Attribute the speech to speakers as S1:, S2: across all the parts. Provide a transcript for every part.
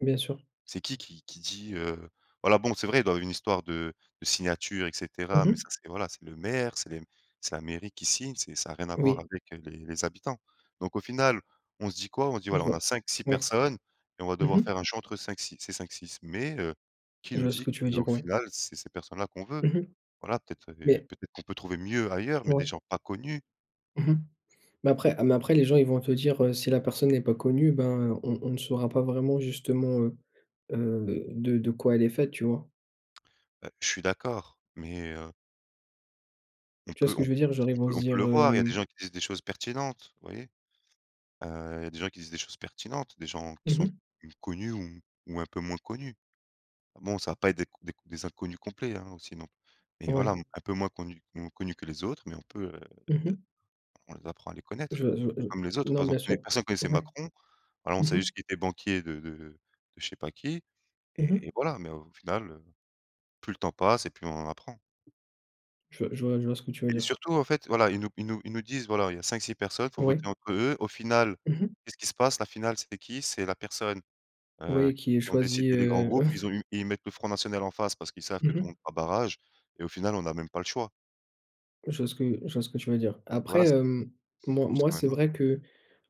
S1: Bien sûr.
S2: C'est qui, qui qui dit, heu, voilà bon, c'est vrai, dans une histoire de de signature et cetera.
S1: Mmh
S2: Mais,
S1: mh.
S2: ça, c'est voilà, c'est le maire, c'est les c'est la mairie qui signe, c'est ça a rien à voir
S1: Oui.
S2: avec, heu, les les habitants. Donc, au final, on se dit quoi? On se dit:
S1: Je
S2: «Voilà, on
S1: vois.
S2: a 5-6
S1: Ouais.
S2: personnes et on va devoir
S1: Mmh mh.
S2: faire un choix entre 5-6 ces 5-6». Mais, heu, qui
S1: Je
S2: nous
S1: vois ce
S2: dit
S1: que tu veux
S2: qu'au
S1: dire, ouais.
S2: final, c'est ces personnes-là qu'on veut?
S1: Mmh mh.
S2: Voilà, peut-être les
S1: Mais
S2: peut-être qu'on peut trouver mieux ailleurs, mais des
S1: Ouais.
S2: gens pas connus.
S1: Mmh mh. Bah, après mais, après, les gens, ils vont te dire, heu: «Si la personne n'est pas connue, ben, on on ne saura pas vraiment, justement, heu, heu, de de quoi elle est faite», tu vois?
S2: Heu, je suis d'accord, mais heu On
S1: Tu vois ce
S2: peut
S1: que
S2: on
S1: je
S2: peut
S1: veux dire? Genre, ils
S2: on
S1: vont
S2: peut
S1: se
S2: on
S1: dire,
S2: peut le voir. Il y a des
S1: hem
S2: gens qui disent des choses pertinentes, vous voyez. Heu, il y a des gens qui disent des choses pertinentes, des gens qui
S1: Mmh
S2: sont
S1: mh.
S2: connus ou un peu moins connus. Bon, ça va pas être des c des des inconnus complets, hein, aussi, non plus. Mais, voilà,
S1: Ouais.
S2: un peu moins connus moins connus que les autres, mais on peut, heu
S1: Mmh mh.
S2: on les apprend à les
S1: Je
S2: connaître,
S1: vois je vois je
S2: comme les autres.
S1: non.
S2: Par
S1: Bien
S2: exemple,
S1: sûr.
S2: personne connaissait
S1: Ouais.
S2: Macron, alors on
S1: Mmh
S2: savait
S1: mh.
S2: juste qu'il était banquier de de de de je sais pas qui,
S1: Mmh
S2: et et
S1: mh.
S2: voilà, mais au final, heu, plus le temps passe et plus on en apprend.
S1: Je je vois je vois ce que tu veux
S2: Et
S1: dire.
S2: surtout, en fait, voilà, ils nous ils nous ils nous disent: «Voilà, il y a 5-6 personnes, faut
S1: Ouais.
S2: voter entre eux», au final,
S1: Mmh mh.
S2: qu'est-ce qui se passe? La finale, c'est qui? C'est la personne, heu,
S1: Oui, qui est
S2: qui ont
S1: choisie,
S2: décidé les grands
S1: heu
S2: groupes. Ils ont eu ils mettent le Front National en face, parce qu'ils savent que
S1: Mmh
S2: tout le
S1: mh.
S2: monde fera barrage et au final, on a même pas le choix.
S1: Je vois ce que je vois ce que tu veux dire. Après,
S2: Voilà, c'est
S1: hem, moi
S2: ce
S1: moi,
S2: sera un
S1: c'est
S2: autre.
S1: vrai que,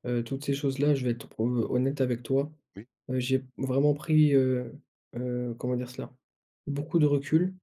S1: heu, toutes ces choses-là, je vais être pr ho honnête avec toi,
S2: Oui.
S1: heu, j'ai vraiment pris, heu, heu, comment dire cela? Beaucoup de recul